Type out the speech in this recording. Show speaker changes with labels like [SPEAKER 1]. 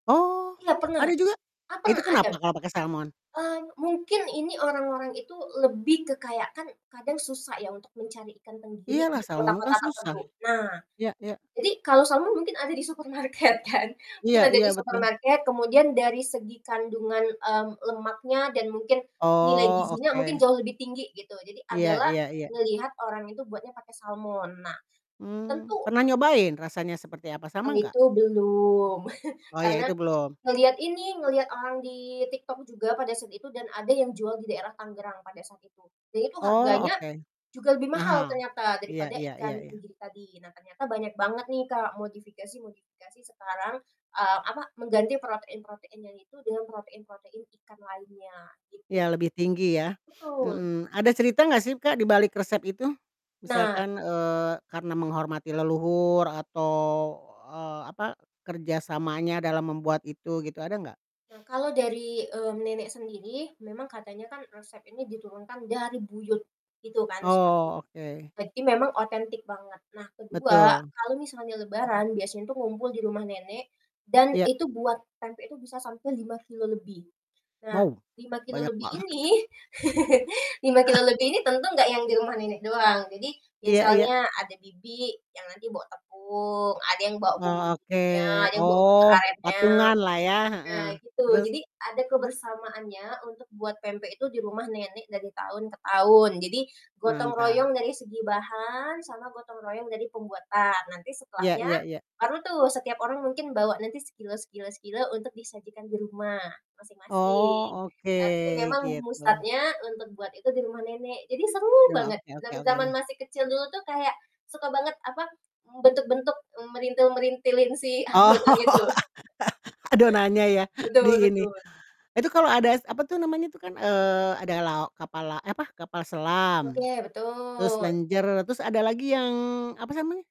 [SPEAKER 1] Oh
[SPEAKER 2] Iya pernah,
[SPEAKER 1] ada juga? Itu kenapa
[SPEAKER 2] [unintelligible]
[SPEAKER 1] kalau pakai salmon?
[SPEAKER 2] Mmm, mungkin ini orang-orang itu lebih ke kayak kan kadang susah ya untuk mencari ikan tenggiri
[SPEAKER 1] Iyalah
[SPEAKER 2] di
[SPEAKER 1] salmon kan
[SPEAKER 2] kota-kota
[SPEAKER 1] susah.
[SPEAKER 2] tertentu. Nah,
[SPEAKER 1] Ya ya.
[SPEAKER 2] jadi kalau salmon mungkin ada di supermarket kan.
[SPEAKER 1] Iya
[SPEAKER 2] Mungkin ada
[SPEAKER 1] iya
[SPEAKER 2] di
[SPEAKER 1] betul.
[SPEAKER 2] supermarket, kemudian dari segi kandungan, mmm, lemaknya dan mungkin nilai
[SPEAKER 1] Oh
[SPEAKER 2] gizinya mungkin
[SPEAKER 1] oke.
[SPEAKER 2] jauh lebih tinggi gitu. Jadi
[SPEAKER 1] Iya
[SPEAKER 2] adalah
[SPEAKER 1] iya iya.
[SPEAKER 2] ngelihat orang itu buatnya pakai salmon. Nah,
[SPEAKER 1] Mmm,
[SPEAKER 2] tentu
[SPEAKER 1] pernah nyobain rasanya seperti apa?
[SPEAKER 2] Kalo
[SPEAKER 1] Sama nggak?
[SPEAKER 2] itu belum.
[SPEAKER 1] Oh ya
[SPEAKER 2] Karena
[SPEAKER 1] itu belum?
[SPEAKER 2] ngelihat ini, ngelihat orang di TikTok juga pada saat itu dan ada yang jual di daerah Tangerang pada saat itu. Jadi itu
[SPEAKER 1] Oh,
[SPEAKER 2] harganya
[SPEAKER 1] oke.
[SPEAKER 2] juga lebih mahal
[SPEAKER 1] Mahal.
[SPEAKER 2] ternyata
[SPEAKER 1] Iya
[SPEAKER 2] daripada
[SPEAKER 1] iya iya
[SPEAKER 2] ikan
[SPEAKER 1] iya.
[SPEAKER 2] tenggiri tadi. Nah ternyata banyak banget nih Kak modifikasi-modifikasi sekarang, eee, apa, mengganti protein-protein yang itu dengan protein-protein ikan lainnya, gitu.
[SPEAKER 1] Iya lebih tinggi ya.
[SPEAKER 2] Betul.
[SPEAKER 1] Mhm, ada cerita gak sih Kak dibalik resep itu?
[SPEAKER 2] Nah!
[SPEAKER 1] Misalkan, eee, karena menghormati leluhur atau, eee, apa, kerja samanya dalam membuat itu gitu, ada nggak?
[SPEAKER 2] Nah kalau dari, mmm, nenek sendiri memang katanya kan resep ini diturunkan dari buyut itu kan 1,
[SPEAKER 1] Oh, oke.
[SPEAKER 2] berarti memang otentik banget. Nah ke-2,
[SPEAKER 1] Betul.
[SPEAKER 2] kalau misalnya Lebaran biasanya tuh ngumpul di rumah nenek dan
[SPEAKER 1] Iya.
[SPEAKER 2] itu buat pempek itu bisa sampai 5 kilogram lebih. Nah,
[SPEAKER 1] Wow,
[SPEAKER 2] 5 kilogram
[SPEAKER 1] banyak
[SPEAKER 2] lebih
[SPEAKER 1] banget.
[SPEAKER 2] ini 5 kilogram lebih ini tentu nggak yang di rumah nenek doang. Jadi
[SPEAKER 1] Iya iya.
[SPEAKER 2] misalnya ada bibi yang nanti bawa tepung, ada yang bawa
[SPEAKER 1] Oh, oke.
[SPEAKER 2] bumbu-bumbunya, ada yang bawa gula
[SPEAKER 1] Oh,
[SPEAKER 2] arenya.
[SPEAKER 1] patunganlah ya.
[SPEAKER 2] Nah
[SPEAKER 1] Heeh,
[SPEAKER 2] gitu,
[SPEAKER 1] terus?
[SPEAKER 2] jadi ada kebersamaannya untuk buat pempek itu di rumah nenek dari tahun ke tahun. Jadi gotong
[SPEAKER 1] Mantap.
[SPEAKER 2] royong dari segi bahan sama gotong royong dari pembuatan. Nanti
[SPEAKER 1] Iya
[SPEAKER 2] setelahnya
[SPEAKER 1] iya iya.
[SPEAKER 2] baru tuh setiap orang mungkin bawa nanti sekilo sekilo sekilo untuk disajikan di rumah masing-masing.
[SPEAKER 1] Oh,
[SPEAKER 2] Tapi
[SPEAKER 1] oke
[SPEAKER 2] memang mu
[SPEAKER 1] gitu.
[SPEAKER 2] start-nya untuk buat itu di rumah nenek jadi seru
[SPEAKER 1] Yo,
[SPEAKER 2] banget.
[SPEAKER 1] oke oke
[SPEAKER 2] Zaman-zaman
[SPEAKER 1] oke.
[SPEAKER 2] masih kecil dulu tuh kayak suka banget apa, m bentuk-bentuk, mmm, merintil-merintilin si
[SPEAKER 1] Oh,
[SPEAKER 2] adonan itu.
[SPEAKER 1] adonannya ya di
[SPEAKER 2] Betul
[SPEAKER 1] ini.
[SPEAKER 2] betul.
[SPEAKER 1] Itu kalau ada es apa tuh namanya tuh kan, eee, ada lao kapal la eh apa, kapal selam,
[SPEAKER 2] Oke,
[SPEAKER 1] terus
[SPEAKER 2] betul.
[SPEAKER 1] lenjer, terus ada lagi yang apa namanya?